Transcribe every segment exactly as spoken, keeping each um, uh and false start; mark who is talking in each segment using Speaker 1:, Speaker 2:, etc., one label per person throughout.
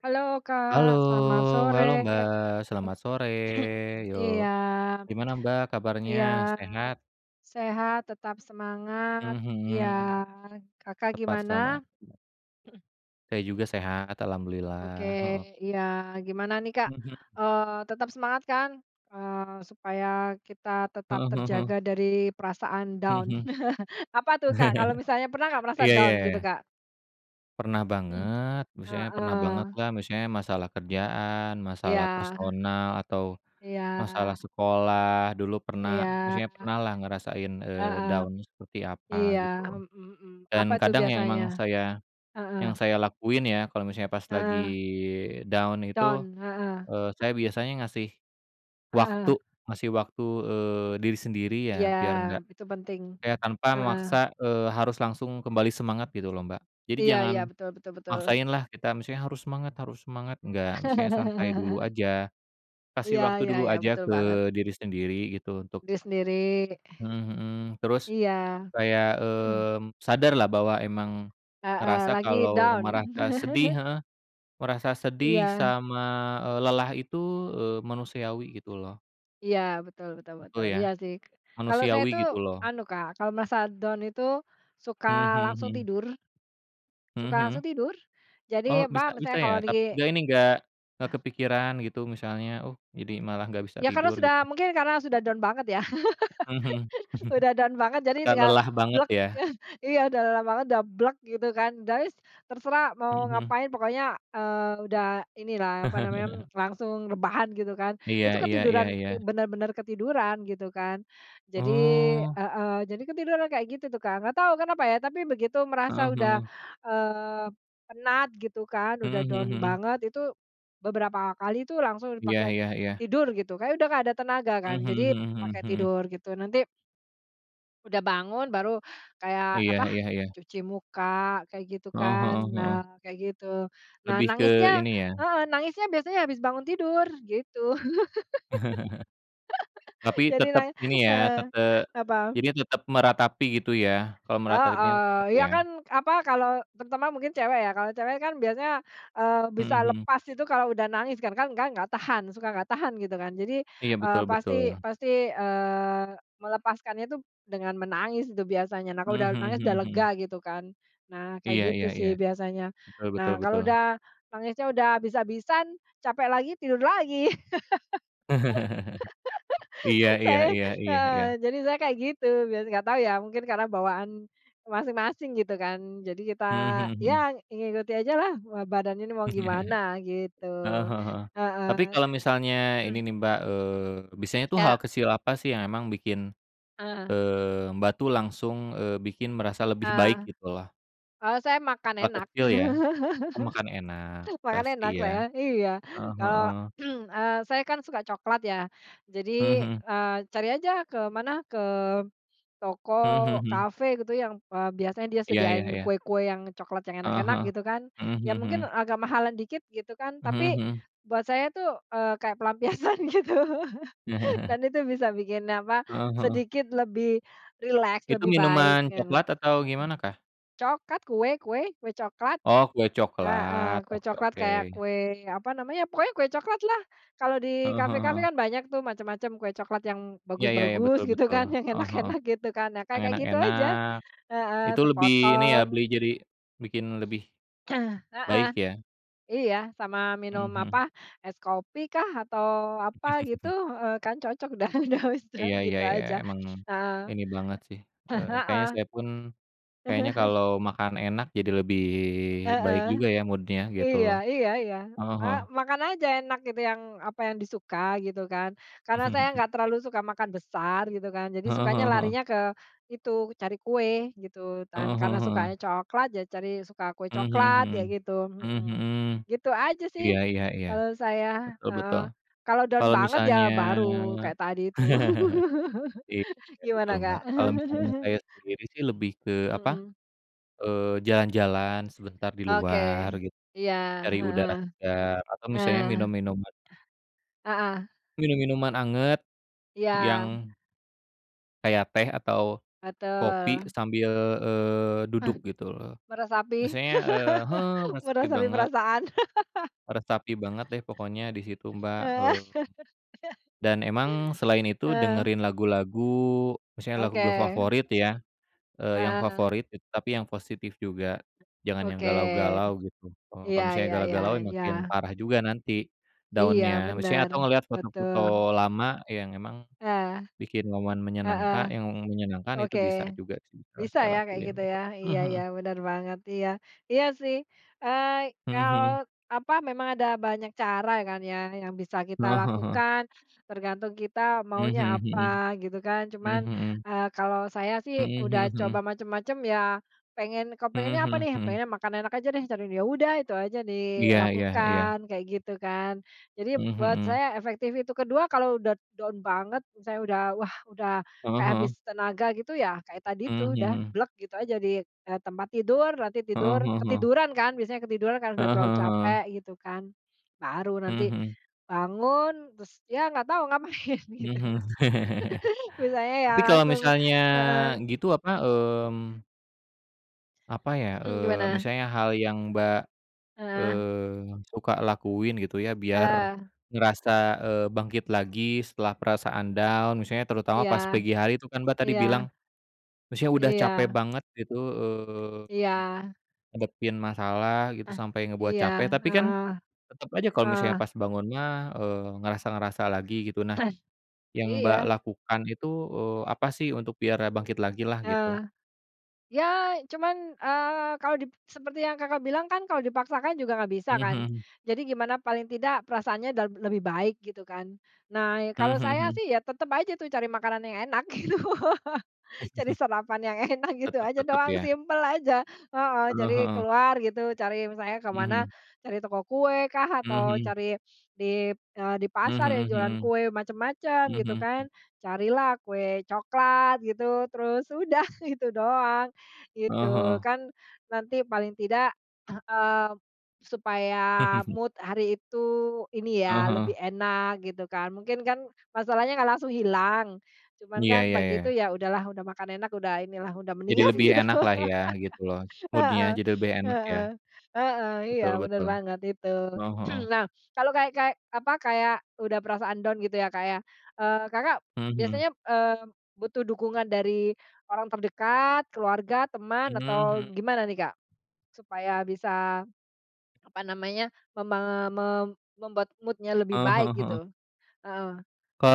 Speaker 1: Halo,
Speaker 2: Halo,
Speaker 1: Kak, selamat sore.
Speaker 2: halo, Mbak. Selamat sore, yo.
Speaker 1: Iya,
Speaker 2: Gimana, Mbak, kabarnya,
Speaker 1: iya,
Speaker 2: sehat?
Speaker 1: sehat, tetap semangat.
Speaker 2: Mmm,
Speaker 1: Iya.
Speaker 2: mhm.
Speaker 1: Kakak
Speaker 2: Tepat,
Speaker 1: gimana?
Speaker 2: sama. Saya juga sehat,
Speaker 1: Oke,
Speaker 2: alhamdulillah. Heeh.
Speaker 1: iya. Gimana nih, Kak?
Speaker 2: Mhm.
Speaker 1: Eee, tetap semangat, kan? Eee, supaya kita tetap
Speaker 2: Heeh heeh heeh.
Speaker 1: terjaga dari perasaan down.
Speaker 2: Mhm
Speaker 1: Apa
Speaker 2: mhm.
Speaker 1: tuh, Kak, kalau misalnya pernah nggak, merasa
Speaker 2: Iya ya
Speaker 1: down
Speaker 2: ya
Speaker 1: gitu,
Speaker 2: ya.
Speaker 1: Kak?
Speaker 2: Pernah
Speaker 1: Mhm.
Speaker 2: banget. Maksudnya pernah
Speaker 1: Heeh.
Speaker 2: bangetlah, misalnya masalah kerjaan,
Speaker 1: Iya.
Speaker 2: masalah personal, atau
Speaker 1: Iya.
Speaker 2: masalah sekolah. Dulu
Speaker 1: Iya.
Speaker 2: pernah, maksudnya pernahlah ngerasain, eee,
Speaker 1: Heeh.
Speaker 2: down-nya seperti apa,
Speaker 1: Iya,
Speaker 2: gitu lo.
Speaker 1: mhm mhm. Apa
Speaker 2: Dan
Speaker 1: tuh,
Speaker 2: kadang, yang
Speaker 1: biasanya?
Speaker 2: emang saya
Speaker 1: Heeh.
Speaker 2: yang saya lakuin ya, kalau misalnya pas lagi
Speaker 1: Heeh.
Speaker 2: down itu,
Speaker 1: Down, heeh.
Speaker 2: eee, saya biasanya ngasih waktu
Speaker 1: Heeh.
Speaker 2: ngasih waktu, eee, diri sendiri ya,
Speaker 1: jiya,
Speaker 2: biar nggak
Speaker 1: p itu penting.
Speaker 2: kayak tanpa
Speaker 1: Heeh.
Speaker 2: memaksa, eee, harus langsung kembali semangat, gitu lo, Mbak. Jadi
Speaker 1: Iya
Speaker 2: jangan
Speaker 1: iya, betul betul betul.
Speaker 2: maksain lah, kita misalnya, "Harus semangat, harus semangat!" Nggak, misalnya santai dulu aja. Kasih
Speaker 1: Iya
Speaker 2: waktu
Speaker 1: iya
Speaker 2: dulu
Speaker 1: iya,
Speaker 2: aja
Speaker 1: betul
Speaker 2: ke
Speaker 1: banget.
Speaker 2: diri sendiri, gitu, untuk
Speaker 1: Diri sendiri.
Speaker 2: Mhm mhm. Terus
Speaker 1: Iya.
Speaker 2: kayak,
Speaker 1: Mhm.
Speaker 2: mmm, sadarlah bahwa emang
Speaker 1: Heeh,
Speaker 2: ngerasa,
Speaker 1: lagi
Speaker 2: kalau
Speaker 1: down?
Speaker 2: merasa sedih, heeh, merasa sedih
Speaker 1: Iya.
Speaker 2: sama, eee, lelah itu, eee, manusiawi, gitu lo.
Speaker 1: Iya, betul betul
Speaker 2: Betul,
Speaker 1: betul,
Speaker 2: ya.
Speaker 1: iya sih. kalau saya
Speaker 2: Manusiawi,
Speaker 1: tuh,
Speaker 2: gitu lo.
Speaker 1: anu, Kak, kalau merasa down itu,
Speaker 2: Mhm
Speaker 1: suka
Speaker 2: mhm
Speaker 1: langsung
Speaker 2: mhm.
Speaker 1: tidur.
Speaker 2: Mhm
Speaker 1: Suka langsung
Speaker 2: mhm?
Speaker 1: tidur.
Speaker 2: Oh,
Speaker 1: Jadi,
Speaker 2: bisa
Speaker 1: apa,
Speaker 2: bisa
Speaker 1: misalnya
Speaker 2: ya?
Speaker 1: kalau di
Speaker 2: Tap nggak ini, nggak, nggak
Speaker 1: Ah.
Speaker 2: kepikiran, gitu misalnya, oh, jadi malah nggak bisa
Speaker 1: Ya, karena
Speaker 2: tidur,
Speaker 1: sudah
Speaker 2: gitu?
Speaker 1: mungkin, karena sudah down banget, yah.
Speaker 2: Mhm mhm.
Speaker 1: Udah down banget, jadi
Speaker 2: Kayak
Speaker 1: tinggal
Speaker 2: lelah banget, ya.
Speaker 1: Iya, udah lelah banget, udah gitu kan. Udah wis, terserah
Speaker 2: Mhm
Speaker 1: mau
Speaker 2: mhm.
Speaker 1: ngapain. Pokoknya, eee, udah inilah, apa namanya, langsung rebahan, gitu kan.
Speaker 2: Iya
Speaker 1: Itu
Speaker 2: iya iya
Speaker 1: ketiduran,
Speaker 2: iya.
Speaker 1: ti benar-benar ketiduran, gitu kan. Jadi,
Speaker 2: Oh.
Speaker 1: heeh, jadi ketiduran kayak gitu tuh, Kak. Nggak tahu kenapa, ya. Tapi, begitu
Speaker 2: Heeh
Speaker 1: merasa udah,
Speaker 2: heeh.
Speaker 1: eee, penat, gitu kan, udah
Speaker 2: Mhm
Speaker 1: down
Speaker 2: mhm mhm.
Speaker 1: banget, itu beberapa kali itu langsung
Speaker 2: Iya
Speaker 1: dipake
Speaker 2: iya iya.
Speaker 1: tidur, gitu. Kayak udah nggak ada tenaga,
Speaker 2: Mmm,
Speaker 1: kan.
Speaker 2: mhm
Speaker 1: Jadi,
Speaker 2: mhm
Speaker 1: pakai
Speaker 2: mhm mhm.
Speaker 1: tidur, gitu. Nanti Udah bangun. Baru, kayak,
Speaker 2: Iya
Speaker 1: apa,
Speaker 2: iya iya.
Speaker 1: cuci muka, kayak gitu
Speaker 2: Heeh
Speaker 1: kan.
Speaker 2: heeh
Speaker 1: Nah,
Speaker 2: heeh.
Speaker 1: kayak gitu, nah,
Speaker 2: Lebih ke,
Speaker 1: nangisnya
Speaker 2: ini ya.
Speaker 1: heeh, nangisnya biasanya habis bangun tidur, gitu.
Speaker 2: Tapi,
Speaker 1: Jadi
Speaker 2: tetep
Speaker 1: nang
Speaker 2: ini ya,
Speaker 1: eee,
Speaker 2: tete
Speaker 1: apa?
Speaker 2: jadi tetep meratapi, gitu ya? Kalau meratapinya tetap,
Speaker 1: Heeh. Iya kan,
Speaker 2: ya?
Speaker 1: apa, kalau, terutama mungkin cewek, ya. Kalau cewek kan biasanya, eee,
Speaker 2: Mhm
Speaker 1: bisa
Speaker 2: mhm.
Speaker 1: lepas itu kalau udah nangis kan. Kan kan kan enggak tahan, suka enggak tahan, gitu kan. Jadi,
Speaker 2: Iya.
Speaker 1: eee,
Speaker 2: Betul
Speaker 1: pasti
Speaker 2: betul.
Speaker 1: pasti, eee, melepaskannya itu, dengan menangis itu biasanya. Nah, kalau
Speaker 2: Mhm
Speaker 1: udah
Speaker 2: mhm
Speaker 1: nangis, udah
Speaker 2: mhm
Speaker 1: lega,
Speaker 2: mhm.
Speaker 1: gitu kan. Nah, kayak
Speaker 2: Iya iya
Speaker 1: gitu
Speaker 2: iya.
Speaker 1: sih, biasanya.
Speaker 2: Betul betul
Speaker 1: Nah, kalau
Speaker 2: betul.
Speaker 1: udah, nangisnya udah habis-habisan, capek lagi, tidur lagi.
Speaker 2: Iya iya
Speaker 1: Saya
Speaker 2: iya iya
Speaker 1: heeh.
Speaker 2: iya.
Speaker 1: Jadi saya kayak gitu, biasanya. Enggak tahu, ya, mungkin karena bawaan masing-masing, gitu kan, jadi kita,
Speaker 2: Mhm mhm mhm.
Speaker 1: ya ngikuti aja lah badannya mau gimana, gitu.
Speaker 2: Heeh heeh heeh. Tapi
Speaker 1: Heeh.
Speaker 2: kalau misalnya ini
Speaker 1: Mhm.
Speaker 2: nih, Mbak, eee, biasanya tuh hal
Speaker 1: Iya.
Speaker 2: kecil apa sih, yang bikin,
Speaker 1: Heeh.
Speaker 2: eee, Mbak tuh langsung, eee, bikin merasa lebih
Speaker 1: Eee,
Speaker 2: baik, gitu lah?
Speaker 1: oh, saya makan
Speaker 2: Hal
Speaker 1: enak.
Speaker 2: kecil, ya. Oh, makan enak.
Speaker 1: Makan
Speaker 2: Pasti,
Speaker 1: enak,
Speaker 2: ya?
Speaker 1: saya. Iya.
Speaker 2: Heeh
Speaker 1: Kalau,
Speaker 2: heeh.
Speaker 1: eee, saya kan, suka coklat, ya,
Speaker 2: Mhm
Speaker 1: jadi,
Speaker 2: mhm.
Speaker 1: eee, cari aja ke mana, ke toko,
Speaker 2: Mhm mhm mhm.
Speaker 1: kafe, gitu. Yang, eee, biasanya dia
Speaker 2: Iya iya
Speaker 1: sediain
Speaker 2: iya.
Speaker 1: kue-kue yang coklat, yang
Speaker 2: Heeh
Speaker 1: enak-enak,
Speaker 2: heeh.
Speaker 1: gitu kan.
Speaker 2: Mhm mhm
Speaker 1: Ya,
Speaker 2: mhm.
Speaker 1: mungkin agak mahalan dikit, gitu kan,
Speaker 2: Mhm
Speaker 1: tapi,
Speaker 2: mhm.
Speaker 1: buat saya tuh, eee, kayak pelampiasan, gitu. Dan itu bisa bikin, apa,
Speaker 2: Heeh heeh.
Speaker 1: sedikit lebih rileks,
Speaker 2: Itu
Speaker 1: lebih baik,
Speaker 2: minuman
Speaker 1: gitu.
Speaker 2: coklat atau gimana kah?
Speaker 1: Coklat. Kue kue, kue coklat.
Speaker 2: Oh, kue coklat.
Speaker 1: Heeh. Kue
Speaker 2: Oke
Speaker 1: coklat,
Speaker 2: oke.
Speaker 1: kayak kue, apa namanya, pokoknya kue coklat lah. Kalau di
Speaker 2: Heeh heeh
Speaker 1: kafe-kafe
Speaker 2: heeh.
Speaker 1: kan banyak tuh, macam-macam kue coklat yang
Speaker 2: Iya iya iya, betul
Speaker 1: bagus-bagus, gitu
Speaker 2: betul.
Speaker 1: kan, yang
Speaker 2: Heeh heeh.
Speaker 1: enak-enak gitu kan. Nah,
Speaker 2: Yang
Speaker 1: kayak-kayak gitu aja.
Speaker 2: enak-enak.
Speaker 1: Heeh.
Speaker 2: Itu lebih ini ya, beli
Speaker 1: Sepotong
Speaker 2: jadi bikin lebih
Speaker 1: Heeh.
Speaker 2: baik, ya?
Speaker 1: Iya. Sama
Speaker 2: Mhm
Speaker 1: minum, apa,
Speaker 2: mhm.
Speaker 1: es kopi kah, atau apa gitu, eee, kan cocok udah udah [unintelligible]
Speaker 2: Iya iya
Speaker 1: gitu
Speaker 2: iya.
Speaker 1: aja.
Speaker 2: Emang,
Speaker 1: Heeh.
Speaker 2: ini banget sih. Eee, kayaknya
Speaker 1: Heeh.
Speaker 2: saya pun, kayaknya kalau makan enak, jadi lebih baik
Speaker 1: Heeh.
Speaker 2: juga, ya, Mood-nya, gitu
Speaker 1: Iya
Speaker 2: loh.
Speaker 1: iya iya.
Speaker 2: Heeh
Speaker 1: Eee,
Speaker 2: heeh.
Speaker 1: makan aja enak, gitu, yang, apa, yang disuka, gitu kan. Karena saya enggak terlalu suka makan besar, gitu kan, jadi
Speaker 2: Heeh
Speaker 1: sukanya,
Speaker 2: heeh heeh.
Speaker 1: larinya ke itu, cari kue, gitu kan.
Speaker 2: Heeh heeh
Speaker 1: Karena
Speaker 2: heeh.
Speaker 1: sukanya coklat, ya cari, suka kue
Speaker 2: Mhm
Speaker 1: coklat,
Speaker 2: mhm mhm.
Speaker 1: kayak gitu.
Speaker 2: Mhm
Speaker 1: Heeh.
Speaker 2: mhm.
Speaker 1: Gitu aja sih,
Speaker 2: Iya iya iya.
Speaker 1: kalau saya.
Speaker 2: Betul
Speaker 1: Heeh.
Speaker 2: betul.
Speaker 1: Kalau down
Speaker 2: Kalau
Speaker 1: banget, ya
Speaker 2: misalnya
Speaker 1: baru kayak tadi itu.
Speaker 2: iya,
Speaker 1: Gimana.
Speaker 2: betul, Mbak.
Speaker 1: Kak?
Speaker 2: Kalau misalnya saya sendiri sih, lebih ke, apa,
Speaker 1: Mhm.
Speaker 2: eee, jalan-jalan sebentar di
Speaker 1: Oke.
Speaker 2: luar, gitu.
Speaker 1: Iya.
Speaker 2: Cari udara
Speaker 1: Heeh.
Speaker 2: segar, atau
Speaker 1: Eh.
Speaker 2: misalnya minum minuman
Speaker 1: Ah. Heeh.
Speaker 2: minum minuman anget
Speaker 1: Iya.
Speaker 2: yang Kayak teh atau kopi
Speaker 1: Betul.
Speaker 2: sambil, eee,
Speaker 1: Eh.
Speaker 2: duduk gitu loh.
Speaker 1: Meresapi.
Speaker 2: Misalnya, e heeh, meresepi
Speaker 1: Meresapi
Speaker 2: banget
Speaker 1: perasaan.
Speaker 2: meresapi banget deh, pokoknya di situ, Mbak,
Speaker 1: Heeh.
Speaker 2: eee. Dan emang, selain itu
Speaker 1: Heeh.
Speaker 2: dengerin lagu-lagu, misalnya lagu
Speaker 1: Oke.
Speaker 2: favorit ya, e yang
Speaker 1: Heeh.
Speaker 2: favorit tapi yang positif juga, jangan yang
Speaker 1: Oke.
Speaker 2: galau-galau gitu, e
Speaker 1: Iya
Speaker 2: kalau misalnya
Speaker 1: iya iya
Speaker 2: galau-galau
Speaker 1: iya.
Speaker 2: makin parah juga nanti,
Speaker 1: Iya,
Speaker 2: down-nya, misalnya,
Speaker 1: benar,
Speaker 2: atau ngelihat foto-foto
Speaker 1: betul.
Speaker 2: lama yang emang
Speaker 1: Nah.
Speaker 2: bikin momen
Speaker 1: Heeh.
Speaker 2: menyenangka yang menyenangkan itu
Speaker 1: Oke.
Speaker 2: bisa juga sih yang
Speaker 1: Bisa
Speaker 2: saya
Speaker 1: ya, kayak
Speaker 2: lakuin,
Speaker 1: gitu
Speaker 2: gitu,
Speaker 1: ya iya
Speaker 2: mhm.
Speaker 1: iya, bener banget, iya. Iya sih, eee,
Speaker 2: Mhm mhm.
Speaker 1: kalau apa, memang ada banyak cara kan ya, yang bisa kita
Speaker 2: Heeh heeh heeh.
Speaker 1: lakukan, tergantung kita
Speaker 2: Mhm
Speaker 1: maunya
Speaker 2: mhm
Speaker 1: apa
Speaker 2: mhm.
Speaker 1: gitu kan. Cuman,
Speaker 2: Mhm mhm.
Speaker 1: eee, kalau saya sih
Speaker 2: Mhm
Speaker 1: udah
Speaker 2: mhm
Speaker 1: coba
Speaker 2: mhm.
Speaker 1: macam-macam ya, pengen kepengennya
Speaker 2: Mhm
Speaker 1: apa
Speaker 2: mhm
Speaker 1: nih?
Speaker 2: mhm.
Speaker 1: Pengennya makan enak aja deh, ya udah itu saja
Speaker 2: Iya iya iya.
Speaker 1: dilakukan, kayak gitu kan. Jadi,
Speaker 2: Mhm
Speaker 1: buat
Speaker 2: mhm.
Speaker 1: saya efektif itu, kedua, kalau sudah down banget, saya sudah, wah, udah
Speaker 2: Heeh
Speaker 1: kayak habis
Speaker 2: heeh.
Speaker 1: tenaga gitu ya, kayak tadi itu
Speaker 2: Mhm
Speaker 1: udah
Speaker 2: mhm.
Speaker 1: gitu aja di, e tempat tidur, nanti
Speaker 2: Heeh
Speaker 1: tidur,
Speaker 2: heeh heeh.
Speaker 1: ketiduran kan, biasanya ketiduran karena sudah
Speaker 2: Heeh
Speaker 1: terlalu
Speaker 2: heeh
Speaker 1: capek,
Speaker 2: heeh.
Speaker 1: gitu kan. Baru
Speaker 2: Mhm
Speaker 1: nanti,
Speaker 2: mhm.
Speaker 1: bangun, terus, ya nggak tahu ngapain, gitu.
Speaker 2: Mhm mhm.
Speaker 1: Biasanya ya
Speaker 2: Tapi kalau
Speaker 1: langsung
Speaker 2: misalnya
Speaker 1: mhm.
Speaker 2: gitu, apa,
Speaker 1: Mmm.
Speaker 2: mmm Apa ya,
Speaker 1: Mmm,
Speaker 2: eee,
Speaker 1: gimana?
Speaker 2: misalnya hal yang Mbak,
Speaker 1: Heeh.
Speaker 2: eee, suka lakuin gitu ya biar,
Speaker 1: Heeh.
Speaker 2: ngerasa, eee, bangkit lagi setelah perasaan down maksudnya terutama
Speaker 1: Iya,
Speaker 2: pas pagi hari itu kan Mbak tadi
Speaker 1: iya.
Speaker 2: bilang, maksudnya udah capek
Speaker 1: Iya.
Speaker 2: banget gitu, eee,
Speaker 1: Iya.
Speaker 2: ngadepin masalah gitu
Speaker 1: Ah,
Speaker 2: sampai ngebuat
Speaker 1: iya,
Speaker 2: capek tapi kan,
Speaker 1: heeh,
Speaker 2: tetap aja kalau misalnya
Speaker 1: heeh.
Speaker 2: pas bangunnya, eee, ngerasa-ngerasa lagi gitu nah, yang Mbak
Speaker 1: Iya.
Speaker 2: lakukan itu, eee, apa sih untuk biar e bangkit lagi lah gitu?
Speaker 1: Heeh, ya cuman, eee, kalau di seperti yang Kakak bilang kan kalau dipaksakan juga enggak bisa
Speaker 2: Mhm
Speaker 1: kan,
Speaker 2: mhm.
Speaker 1: jadi gimana paling tidak perasaannya udah lebih baik gitu kan, nah kalau
Speaker 2: Mhm
Speaker 1: saya
Speaker 2: mhm.
Speaker 1: sih ya tetap aja tuh cari makanan yang enak gitu, cari sarapan yang enak gitu
Speaker 2: Tetap
Speaker 1: aja
Speaker 2: tetap
Speaker 1: doang
Speaker 2: ya.
Speaker 1: simple aja, heeh,
Speaker 2: Heeh
Speaker 1: jadi
Speaker 2: heeh.
Speaker 1: keluar gitu cari misalnya ke
Speaker 2: Mhm
Speaker 1: mana,
Speaker 2: mhm.
Speaker 1: cari toko kue kah
Speaker 2: Mhm
Speaker 1: atau
Speaker 2: mhm.
Speaker 1: cari di, eee, di
Speaker 2: Mhm
Speaker 1: pasar yang
Speaker 2: mhm
Speaker 1: jualan
Speaker 2: mhm,
Speaker 1: kue macam-macam
Speaker 2: mhm
Speaker 1: gitu
Speaker 2: mhm
Speaker 1: kan
Speaker 2: mhm.
Speaker 1: carilah kue coklat gitu terus udah gitu doang
Speaker 2: Heeh
Speaker 1: gitu.
Speaker 2: heeh.
Speaker 1: Kan nanti paling tidak, eee, supaya mood hari itu ini
Speaker 2: Heeh
Speaker 1: ya
Speaker 2: heeh.
Speaker 1: lebih enak gitu kan, mungkin kan, masalahnya enggak langsung hilang, cuman
Speaker 2: Iya
Speaker 1: kan
Speaker 2: iya
Speaker 1: pagi itu
Speaker 2: ya.
Speaker 1: ya udahlah udah makan enak udah inilah udah
Speaker 2: Jadi
Speaker 1: mendingan
Speaker 2: lebih
Speaker 1: gitu.
Speaker 2: enak lah ya gitu loh mood-nya
Speaker 1: Heeh,
Speaker 2: jadi lebih enak ya,
Speaker 1: heeh, heeh, iya
Speaker 2: betul
Speaker 1: bener
Speaker 2: betul,
Speaker 1: banget itu.
Speaker 2: heeh, heeh.
Speaker 1: Nah kalau kayak kayak apa, kayak udah perasaan down gitu ya Kak ya, eee, Kakak,
Speaker 2: Mhm mhm.
Speaker 1: biasanya, eee, butuh dukungan dari, orang terdekat keluarga, teman
Speaker 2: Mmm,
Speaker 1: atau
Speaker 2: mhm.
Speaker 1: gimana nih Kak? Supaya bisa, apa namanya mema me membuat mood-nya lebih
Speaker 2: Heeh
Speaker 1: baik
Speaker 2: heeh heeh.
Speaker 1: gitu? Heeh,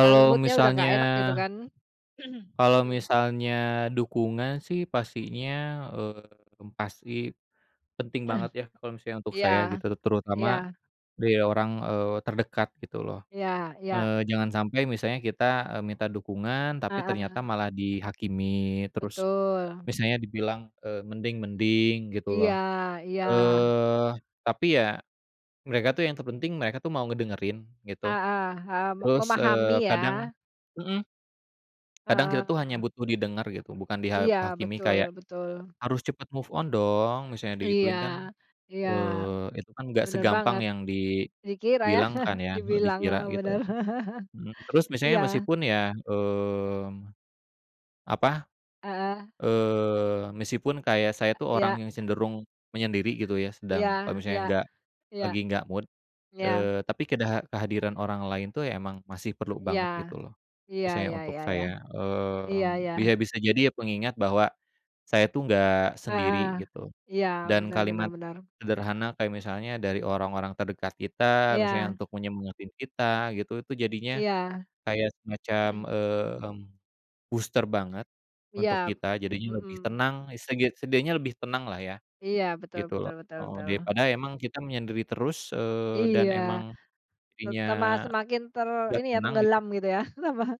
Speaker 1: kan mood-nya udah
Speaker 2: misalnya
Speaker 1: nggak enak gitu kan,
Speaker 2: kalau
Speaker 1: mhm.
Speaker 2: misalnya dukungan sih pastinya eee, pasti, penting banget ya kalau misalnya untuk saya
Speaker 1: Iya,
Speaker 2: gitu terutama,
Speaker 1: iya.
Speaker 2: dari orang, eee, terdekat gitu loh,
Speaker 1: Iya iya.
Speaker 2: eee, jangan sampai misalnya kita, eee, minta dukungan tapi
Speaker 1: Heeh.
Speaker 2: ternyata malah dihakimi terus,
Speaker 1: Betul.
Speaker 2: misalnya dibilang, eee, "mending mending" gitu
Speaker 1: Iya
Speaker 2: loh,
Speaker 1: iya.
Speaker 2: eee, tapi ya, mereka tuh yang terpenting mereka tuh mau ngedengerin gitu,
Speaker 1: Heeh, mmm,
Speaker 2: terus,
Speaker 1: memahami
Speaker 2: eee, kadang
Speaker 1: ya.
Speaker 2: mhm, kadang kita tuh hanya
Speaker 1: Heeh.
Speaker 2: butuh didengar gitu bukan diha
Speaker 1: Iya
Speaker 2: hakimi
Speaker 1: betul
Speaker 2: kayak,
Speaker 1: betul.
Speaker 2: "Harus cepat move on dong," misalnya
Speaker 1: Iya,
Speaker 2: digituin kan,
Speaker 1: iya,
Speaker 2: eee, itu kan enggak
Speaker 1: bener
Speaker 2: segampang
Speaker 1: banget,
Speaker 2: yang
Speaker 1: dikira ya
Speaker 2: dibilangkan ya
Speaker 1: dibilang,
Speaker 2: dikira
Speaker 1: heeh,
Speaker 2: gitu.
Speaker 1: bener
Speaker 2: Mhm, terus misalnya
Speaker 1: iya.
Speaker 2: meskipun ya, mmm, apa,
Speaker 1: Heeh.
Speaker 2: eee, meskipun kayak saya tuh
Speaker 1: Iya.
Speaker 2: orang yang cenderung menyendiri gitu ya
Speaker 1: Iya
Speaker 2: sedang kalau
Speaker 1: iya,
Speaker 2: misalnya enggak,
Speaker 1: iya,
Speaker 2: lagi enggak mood,
Speaker 1: ya.
Speaker 2: eee, tapi kedaha kehadiran orang lain tuh emang masih perlu
Speaker 1: Iya,
Speaker 2: banget gitu loh,
Speaker 1: iya
Speaker 2: misalnya
Speaker 1: ya
Speaker 2: untuk
Speaker 1: ya ya,
Speaker 2: saya, eee,
Speaker 1: iya
Speaker 2: bisa
Speaker 1: iya.
Speaker 2: bisa jadi ya pengingat bahwa, saya tuh enggak
Speaker 1: Heeh,
Speaker 2: sendiri gitu,
Speaker 1: iya
Speaker 2: dan
Speaker 1: bener bener
Speaker 2: kalimat,
Speaker 1: bener.
Speaker 2: sederhana kayak misalnya dari orang-orang terdekat kita misalnya
Speaker 1: Iya.
Speaker 2: untuk menyemangatin kita gitu itu jadinya,
Speaker 1: Iya.
Speaker 2: kayak semacam, mmm, booster banget untuk,
Speaker 1: Iya,
Speaker 2: kita jadinya lebih
Speaker 1: mhm.
Speaker 2: tenang seget setidaknya lebih tenang lah ya,
Speaker 1: Iya betul
Speaker 2: gitu loh,
Speaker 1: betul betul
Speaker 2: heeh,
Speaker 1: betul.
Speaker 2: daripada emang kita menyendiri terus, eee, dan
Speaker 1: Iya,
Speaker 2: emang,
Speaker 1: te
Speaker 2: jadinya,
Speaker 1: tambah semakin ter
Speaker 2: enggak
Speaker 1: ini ya
Speaker 2: tenang gitu.
Speaker 1: tenggelam gitu ya,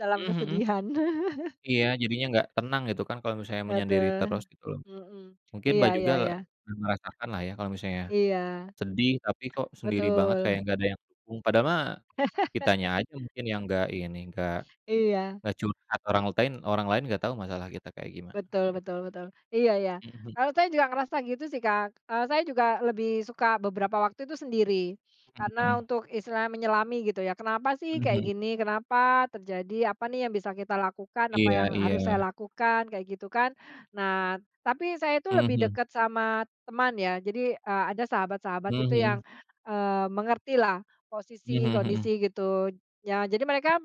Speaker 1: dalam
Speaker 2: Mhm mhm.
Speaker 1: kesedihan.
Speaker 2: Iya jadinya enggak tenang gitu kan kalau misalnya menyendiri
Speaker 1: Haduh,
Speaker 2: terus gitu loh,
Speaker 1: mhm,
Speaker 2: mungkin
Speaker 1: iya
Speaker 2: Mbak juga
Speaker 1: iya iya.
Speaker 2: merasakanlah ya kalau misalnya,
Speaker 1: Iya.
Speaker 2: sedih tapi kok sendiri banget
Speaker 1: Betul.
Speaker 2: kayak enggak ada yang ung, padahal mah, kitanya aja mungkin yang enggak ini, enggak
Speaker 1: Iya.
Speaker 2: enggak curhat orang ltain orang lain enggak tahu masalah kita kayak gimana
Speaker 1: Betul
Speaker 2: ya.
Speaker 1: betul betul, iya iya,
Speaker 2: Mhm mhm.
Speaker 1: kalau saya juga ngerasa gitu sih Kak, eee, saya juga lebih suka beberapa waktu itu sendiri,
Speaker 2: Mhm
Speaker 1: karena
Speaker 2: mhm.
Speaker 1: untuk istilahnya menyelami gitu ya kenapa sih
Speaker 2: Mhm
Speaker 1: kayak
Speaker 2: mhm.
Speaker 1: gini, kenapa terjadi apa nih yang bisa kita lakukan, apa
Speaker 2: Iya
Speaker 1: yang harus saya
Speaker 2: iya.
Speaker 1: lakukan kayak gitu kan, nah tapi saya itu
Speaker 2: Mhm
Speaker 1: lebih
Speaker 2: mhm.
Speaker 1: dekat sama teman ya jadi, eee, ada sahabat-sahabat
Speaker 2: Mhm
Speaker 1: itu yang,
Speaker 2: mhm.
Speaker 1: eee, mengertilah
Speaker 2: Mmm,
Speaker 1: posisi
Speaker 2: mhm mhm.
Speaker 1: kondisi gitu, ya jadi mereka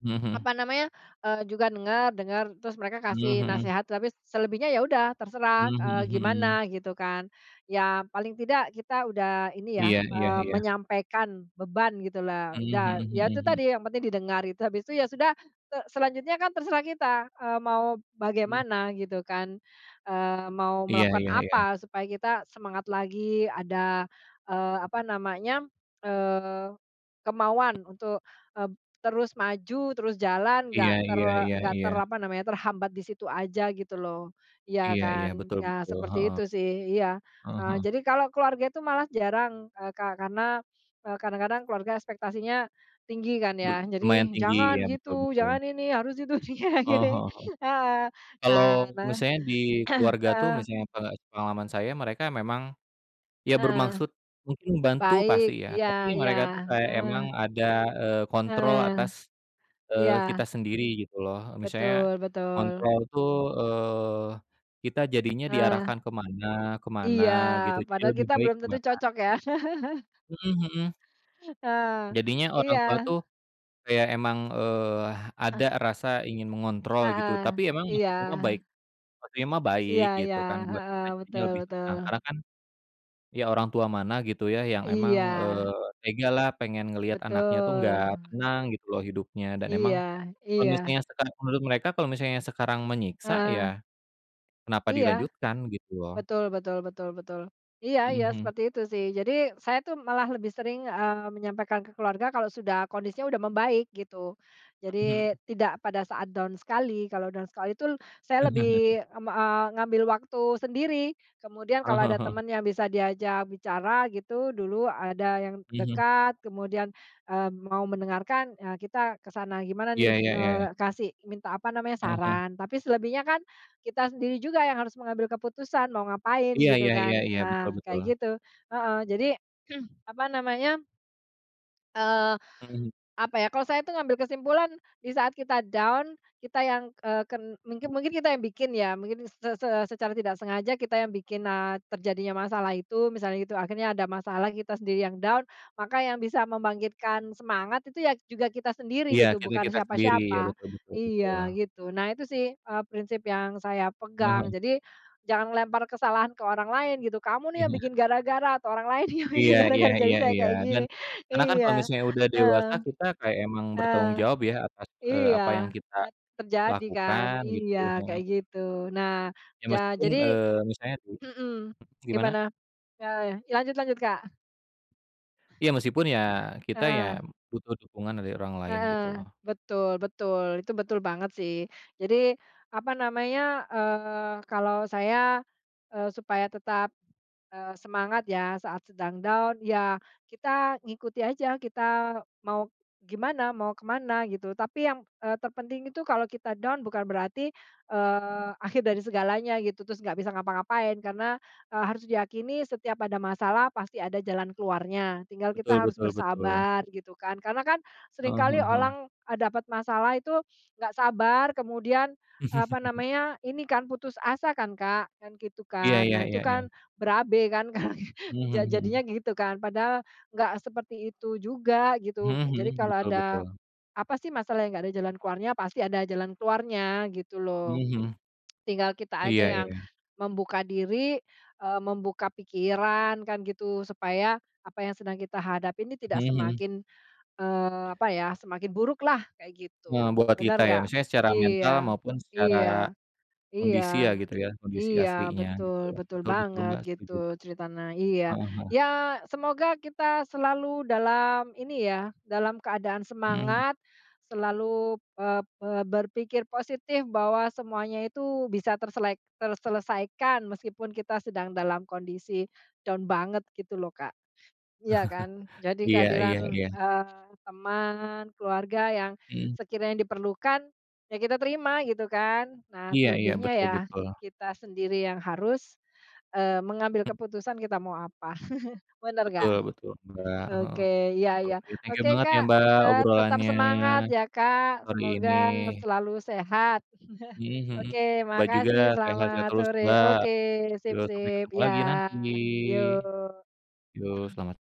Speaker 2: Mhm mhm.
Speaker 1: apa namanya, eee, juga dengar dengar terus mereka
Speaker 2: Mmm,
Speaker 1: kasih
Speaker 2: mhm.
Speaker 1: nasehat tapi selebihnya ya udah terserah,
Speaker 2: Mmm,
Speaker 1: eee,
Speaker 2: mhm mhm.
Speaker 1: gimana gitu kan, ya paling tidak kita udah ini ya,
Speaker 2: Iya iya
Speaker 1: eee,
Speaker 2: iya.
Speaker 1: menyampaikan beban gitulah
Speaker 2: Mmm, mhm
Speaker 1: udah ya itu
Speaker 2: mhm mhm.
Speaker 1: tadi yang penting didengar gitu habis itu ya sudah, se selanjutnya kan terserah kita, eee, mau
Speaker 2: Mmm.
Speaker 1: bagaimana gitu kan, eee, mau
Speaker 2: Iya
Speaker 1: melakukan
Speaker 2: iya iya.
Speaker 1: apa supaya kita semangat lagi ada, eee, apa namanya, eee, kemauan untuk, eee, terus maju, terus jalan
Speaker 2: Iya
Speaker 1: enggak ter
Speaker 2: iya iya
Speaker 1: enggak
Speaker 2: iya.
Speaker 1: ter apa namanya terhambat di situ aja gitu loh, iya
Speaker 2: Iya iya
Speaker 1: kan
Speaker 2: betul
Speaker 1: nah
Speaker 2: betul,
Speaker 1: seperti
Speaker 2: heeh.
Speaker 1: itu sih iya
Speaker 2: Heeh
Speaker 1: eee,
Speaker 2: heeh.
Speaker 1: jadi kalau keluarga itu malah jarang, eee, kar karena, eee, kadang-kadang keluarga ekspektasinya, tinggi kan
Speaker 2: Be
Speaker 1: ya
Speaker 2: lumayan
Speaker 1: jadi,
Speaker 2: tinggi
Speaker 1: "Jangan
Speaker 2: ya betul
Speaker 1: gitu
Speaker 2: betul.
Speaker 1: jangan ini harus itu,"
Speaker 2: Heeh heeh heeh,
Speaker 1: heeh,
Speaker 2: kalau
Speaker 1: nah nah,
Speaker 2: misalnya di keluarga tuh
Speaker 1: heeh.
Speaker 2: misalnya pe sepengalaman saya mereka memang, ya
Speaker 1: Heeh,
Speaker 2: bermaksud mungkin membantu
Speaker 1: baik
Speaker 2: pasti ya,
Speaker 1: iya
Speaker 2: tapi
Speaker 1: iya,
Speaker 2: mereka itu kayak
Speaker 1: heeh.
Speaker 2: emang ada, eee, kontrol
Speaker 1: Heeh,
Speaker 2: atas, eee,
Speaker 1: iya.
Speaker 2: kita sendiri gitu loh misalnya,
Speaker 1: Betul betul.
Speaker 2: kontrol itu, eee, kita jadinya
Speaker 1: Heeh.
Speaker 2: diarahkan ke mana ke mana
Speaker 1: Iya
Speaker 2: gitu, jadi
Speaker 1: padahal
Speaker 2: lebih
Speaker 1: kita
Speaker 2: baik
Speaker 1: belum
Speaker 2: ke
Speaker 1: tentu
Speaker 2: mana.
Speaker 1: cocok ya.
Speaker 2: Mhm mhm.
Speaker 1: Ah,
Speaker 2: Jadinya orang tua
Speaker 1: iya.
Speaker 2: tuh, kayak emang, eee,
Speaker 1: Ah.
Speaker 2: ada rasa ingin mengontrol gitu,
Speaker 1: Heeh,
Speaker 2: tapi emang
Speaker 1: iya.
Speaker 2: maksudnya mah baik. Maksudnya mah
Speaker 1: Iya
Speaker 2: baik
Speaker 1: iya,
Speaker 2: gitu kan buat
Speaker 1: heeh,
Speaker 2: kita jadinya
Speaker 1: betul
Speaker 2: lebih
Speaker 1: betul.
Speaker 2: tenang karena kan, ya orang tua mana gitu ya yang emang,
Speaker 1: Iya.
Speaker 2: eee, tega lah pengen ngeliat anaknya itu nggak
Speaker 1: Betul.
Speaker 2: tenang gitu loh hidupnya dan emang,
Speaker 1: Iya,
Speaker 2: kalau
Speaker 1: iya.
Speaker 2: misalnya misalnya menurut mereka kalau misalnya sekarang menyiksa ya,
Speaker 1: Heeh.
Speaker 2: kenapa
Speaker 1: Iya,
Speaker 2: dilanjutkan gitu loh.
Speaker 1: betul betul betul betul, iya
Speaker 2: Mhm
Speaker 1: iya
Speaker 2: mhm.
Speaker 1: seperti itu sih jadi saya itu malah lebih sering, eee, menyampaikan ke keluarga kalau sudah kondisinya udah membaik gitu, jadi
Speaker 2: Mhm.
Speaker 1: tidak pada saat down sekali. Kalau down sekali itu saya lebih m eee, ngambil waktu sendiri kemudian
Speaker 2: Heeh
Speaker 1: kalau
Speaker 2: heeh
Speaker 1: ada
Speaker 2: heeh.
Speaker 1: teman yang bisa diajak bicara gitu dulu ada yang
Speaker 2: Mhm.
Speaker 1: dekat kemudian, eee, mau mendengarkan, eee, kita ke sana gimana
Speaker 2: Iya
Speaker 1: nih,
Speaker 2: iya iya iya.
Speaker 1: eee, kasih minta apa namanya
Speaker 2: Heeh heeh.
Speaker 1: saran, tapi selebihnya kan, kita sendiri juga yang harus mengambil keputusan mau ngapain
Speaker 2: Iya
Speaker 1: gitu
Speaker 2: iya
Speaker 1: kan,
Speaker 2: iya iya betul
Speaker 1: nah kayak
Speaker 2: betul.
Speaker 1: gitu. Heeh, jadi, apa namanya eee,
Speaker 2: Mhm.
Speaker 1: apa ya kalau saya itu ngambil kesimpulan di saat kita down kita yang, eee, ke mungkin mungkin kita yang bikin ya mungkin se se secara tidak sengaja kita yang bikin, eee, terjadinya masalah itu misalnya gitu akhirnya ada masalah kita sendiri yang down, maka yang bisa membangkitkan semangat itu ya juga kita sendiri
Speaker 2: Iya
Speaker 1: gitu, bukan
Speaker 2: kita-kita sendiri ya
Speaker 1: siapa-siapa.
Speaker 2: betul betul
Speaker 1: Iya
Speaker 2: betul.
Speaker 1: gitu, nah itu sih, eee, prinsip yang saya pegang
Speaker 2: Mhm.
Speaker 1: jadi, jangan ngelempar kesalahan ke orang lain gitu kamu nih yang bikin
Speaker 2: Iya.
Speaker 1: gara-gara torang lain yang bikin
Speaker 2: Iya Iya
Speaker 1: gara-gara jadi
Speaker 2: iya
Speaker 1: saya
Speaker 2: iya
Speaker 1: kayak
Speaker 2: dan,
Speaker 1: gini.
Speaker 2: karena kan kalau
Speaker 1: Iya,
Speaker 2: misalnya udah
Speaker 1: heeh.
Speaker 2: dewasa kita kayak emang
Speaker 1: Heeh.
Speaker 2: bertanggung jawab ya atas, eee,
Speaker 1: iya
Speaker 2: apa yang kita,
Speaker 1: a terjadi kan
Speaker 2: lakukan gitu,
Speaker 1: iya
Speaker 2: heeh.
Speaker 1: kayak gitu, nah
Speaker 2: Ya
Speaker 1: ja
Speaker 2: meskipun,
Speaker 1: jadi
Speaker 2: eee, misalnya
Speaker 1: mhm,
Speaker 2: [unintelligible] gimana?
Speaker 1: gimana? Ya lanjut lanjut Kak.
Speaker 2: Iya, meskipun ya,
Speaker 1: Heeh
Speaker 2: kita ya
Speaker 1: heeh.
Speaker 2: butuh dukungan dari orang lain, gitu
Speaker 1: Heeh,
Speaker 2: lo.
Speaker 1: betul betul, itu betul banget, sih. Jadi, apa namanya, eee, kalau saya, eee, supaya tetap, eee, semangat ya, saat sedang down, ya kita ngikuti aja, kita mau gimana, mau ke mana, gitu. Tapi yang, eee, terpenting itu kalau kita down, bukan berarti, eee, akhir dari segalanya, gitu, terus enggak bisa ngapa-ngapain. Karena, eee, harus diyakini, setiap ada masalah, pasti ada jalan keluarnya. Tinggal kita
Speaker 2: Betul
Speaker 1: harus
Speaker 2: betul betul.
Speaker 1: bersabar, gitu kan. Karena kan,
Speaker 2: Heeh
Speaker 1: seringkali
Speaker 2: heeh heeh.
Speaker 1: olang, e dapat masalah itu enggak sabar, kemudian, apa namanya, ini kan, putus asa kan, Kak, kan gitu
Speaker 2: Iya
Speaker 1: kan.
Speaker 2: iya
Speaker 1: Nah itu
Speaker 2: iya iya.
Speaker 1: kan, berabe kan, kalau gi
Speaker 2: Mhm
Speaker 1: ja
Speaker 2: mhm
Speaker 1: jadinya
Speaker 2: mhm.
Speaker 1: gitu, kan. Padahal enggak seperti itu juga,
Speaker 2: Mhm
Speaker 1: gitu. Jadi
Speaker 2: mhm,
Speaker 1: kalau
Speaker 2: betul
Speaker 1: ada
Speaker 2: betul.
Speaker 1: apa sih, masalah yang nggak ada jalan keluarnya? Pasti ada jalan keluarnya, gitu lo.
Speaker 2: Mhm mhm.
Speaker 1: Tinggal kita
Speaker 2: Iya
Speaker 1: aja yang
Speaker 2: iya.
Speaker 1: membuka diri, eee, membuka pikiran, kan gitu. Supaya apa yang sedang kita hadapi nih tidak
Speaker 2: Mhm mhm.
Speaker 1: semakin, eee, apa ya, semakin buruklah, kayak
Speaker 2: Eee,
Speaker 1: gitu.
Speaker 2: buat kita,
Speaker 1: Bener
Speaker 2: ya?
Speaker 1: nggak?
Speaker 2: Maksudnya secara mental
Speaker 1: Iya,
Speaker 2: maupun secara
Speaker 1: iya, iya,
Speaker 2: kondisi ya, gitu ya? Kondisi
Speaker 1: iya,
Speaker 2: aslinya, gitu.
Speaker 1: betul, betul
Speaker 2: Betul betul,
Speaker 1: banget.
Speaker 2: Mbak, setuju,
Speaker 1: Gitu,
Speaker 2: Mbak.
Speaker 1: ceritana. Iya.
Speaker 2: Heeh heeh.
Speaker 1: Ya, semoga kita selalu dalam ini ya, dalam keadaan
Speaker 2: Mhm hm
Speaker 1: semangat, selalu, eee eee, berpikir positif bahwa semuanya itu bisa terselek terselesaikan, meskipun kita sedang dalam kondisi down banget, gitu lo, Kak. Iya kan? Jadi
Speaker 2: Iya iya
Speaker 1: kehadiran,
Speaker 2: iya.
Speaker 1: eee, teman, keluarga yang
Speaker 2: Mhm.
Speaker 1: sekiranya diperlukan, ya kita terima, gitu kan. Nah,
Speaker 2: Iya iya,
Speaker 1: selebihnya
Speaker 2: betul
Speaker 1: ya,
Speaker 2: betul.
Speaker 1: kita sendiri yang harus, eee, mengambil keputusan, kita mau apa. Benar enggak?
Speaker 2: Betul betul, Mbak. Heeh.
Speaker 1: Oke, iya iya.
Speaker 2: Yuk, thank you
Speaker 1: Oke,
Speaker 2: banget ya,
Speaker 1: Kak,
Speaker 2: Mbak,
Speaker 1: eee, tetap
Speaker 2: obrolannya,
Speaker 1: semangat ya, Kak.
Speaker 2: hari ini.
Speaker 1: Semoga selalu sehat.
Speaker 2: Mhm mhm.
Speaker 1: Oke,
Speaker 2: Mbak juga,
Speaker 1: makasih,
Speaker 2: sehat-sehat
Speaker 1: selamat
Speaker 2: terus,
Speaker 1: sore.
Speaker 2: Mbak.
Speaker 1: Oke, sip
Speaker 2: Yuk, sampai
Speaker 1: sip.
Speaker 2: ketemu lagi
Speaker 1: Ya,
Speaker 2: nanti.
Speaker 1: yuk.
Speaker 2: Yo, selamat